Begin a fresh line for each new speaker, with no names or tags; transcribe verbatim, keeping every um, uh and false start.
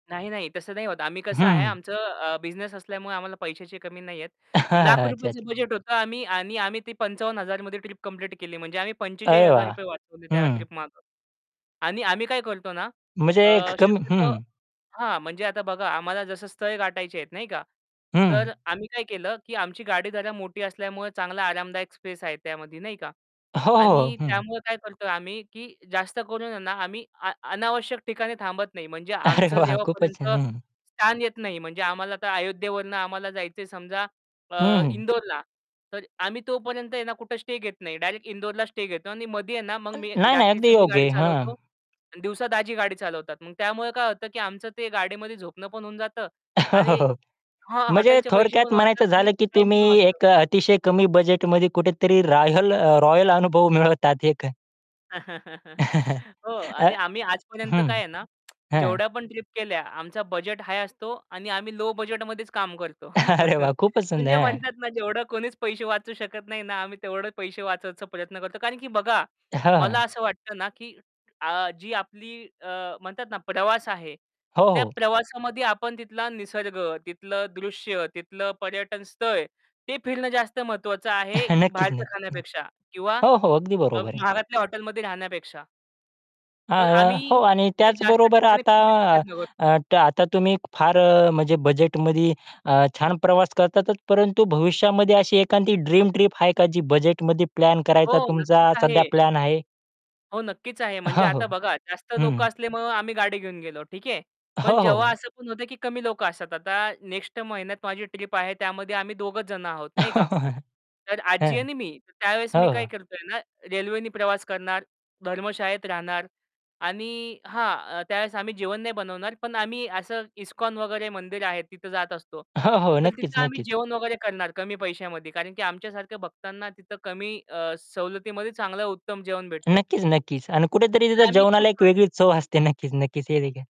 नाही, नाही तसं नाही होत. आम्ही कसं आहे
हं.
आमचं अ, बिझनेस असल्यामुळे आम्हाला पैशाची कमी नाहीये. लाख रुपयेच
अच्छा-अच्छा.
बजेट होतं आम्ही आणि आम्ही ते पंचावन्न हजार मध्ये ट्रिप कंप्लीट केली म्हणजे आम्ही पंचेचाळीस
अरे
हजार
वाह!
रुपये वाचवले त्या
हं.
ट्रिप मागं. आणि आम्ही काय करतो ना.
म्हणजे
अ,
एक कम
शक्यतो
हं.
हां, म्हणजे आता बघा आम्हाला जसं स्थळ गाठायचे आहेत नाही का?
हं.
तर आम्ही काय केलं की आमची गाडी जरा मोठी असल्यामुळे चांगला आरामदायक स्पेस आहे त्यामध्ये, नाही का.
हो, हो.
आणि
हं, हं.
त्यामुळे काय करतोय आम्ही, की जास्त करून ना आम्ही आ अनावश्यक ठिकाणी थांबत नाही. म्हणजे
अरे
आमचं
वाह! खूपच छान.
जेव्हापर्यंत
हं, हं.
स्थान येत नाही. म्हणजे आम्हाला तर अयोध्येवरून आम्हाला जायचंय समजा
हं,
अ,
हं.
इंदोरला तर आम्ही तोपर्यंत आहे ना कुठे स्टे घेत नाही. डायरेक्ट इंदोरला स्टे घेतो आणि मध्ये आहे ना मग मी
[unintelligible] नाही, नाही अगदी
रात्रीचं मी
योग्य
गाडी
आहे, हां.
चालवतो. आणि दिवसा दाजी गाडी चालवतात. मग त्यामुळे काय होतं, की आमचं ते गाडीमध्ये झोपणं पण होऊन जातं. आणि
हो.
हां,
म्हणजे
हॉटेलचे पैसे पण
थोडक्यात
वाचतात
म्हणायचं
आणि
झालं की
टाईम पण
तुम्ही
वाचतो.
एक अतिशय कमी बजेटमध्ये कुठेतरी रॉयल रॉयल अनुभव मिळवतात हे ख
हो.
अ
आणि आम्ही आजपर्यंत काय
हं.
आहे ना,
हां.
जेवढ्या पण ट्रिप केल्या, आमचा बजेट हाय असतो आणि आम्ही लो बजेटमध्येच काम करतो.
अरे वाह! खूप सुंदर
म्हणजे
आहे, हां.
म्हणतात ना जेवढं कोणीच पैसे वाचू शकत नाही ना, आम्ही तेवढे पैसे वाचायचा प्रयत्न करतो. कारण की बघा,
हां,
मला
हां.
असं वाटतं ना की अ, जी आपली अ, म्हणतात ना प्रवास आहे.
हो,
त्या
हो.
प्रवासामध्ये आपण तिथला निसर्ग, तिथलं दृश्य, तिथलं पर्यटन स्थळ, ते फिरणं जास्त महत्वाचं आहे
नक्कीच,
बाहेरच्या
नक्कीच.
खाण्यापेक्षा किंवा
हो, हो. अगदी
अ,
बरोबर आहे.
महागातल्या हॉटेलमध्ये राहण्यापेक्षा.
अ,
तर आम्ही
हो. आणि
ते जास्त
त्याचबरोबर
ठिकाणी
आता
फिरण्याचा प्रयत्न करतो.
आता तुम्ही फार अ, म्हणजे बजेटमध्ये अ, छान प्रवास करतातच. परंतु भविष्यामध्ये अशी एखादी ड्रीम ट्रिप आहे का जी बजेटमध्ये प्लॅन
हो,
करायचा
नक्कीच
तुमचा
आहे.
सध्या प्लॅन आहे.
हो, नक्कीच आहे, म्हणजे
हां, हो,
आता बघा जास्त लोकं
हं.
असल्यामुळे, आम्ही गाडी घेऊन गेलो ठीक आहे.
हो,
पण
हो,
जेव्हा
हो.
असं पण होत की कमी लोकं असतात. आता नेक्स्ट महिन्यात माझी ट्रिप आहे, त्यामध्ये आम्ही दोघेच जण आहोत, नाही का. तर आजी
हं.
आणि मी त्यावेळेस
हो,
मी काय
हो.
करतोय ना रेल्वेने प्रवास करणार, धर्मशाळेत राहणार. आणि हां, त्यावेळेस आम्ही जेवण नाही बनवणार पण आम्ही असं इस्कॉन वगैरे मंदिर आहे तिथं जात असतो.
हो, हो.
तर
नक्कीच,
तिथं आम्ही
नक्कीच.
जेवण वगैरे करणार कमी पैशामध्ये, कारण की आमच्या सारख्या भक्तांना तिथं कमी अ, सवलतीमध्ये चांगलं उत्तम जेवण भेटतं.
नक्कीच, नक्कीच. अन कुठेतरी
तर
तिथं
आम्ही तेच
जेवणाला एक
करतो.
वेगळीच चव असते. नक्कीच, नक्कीच हेदेखील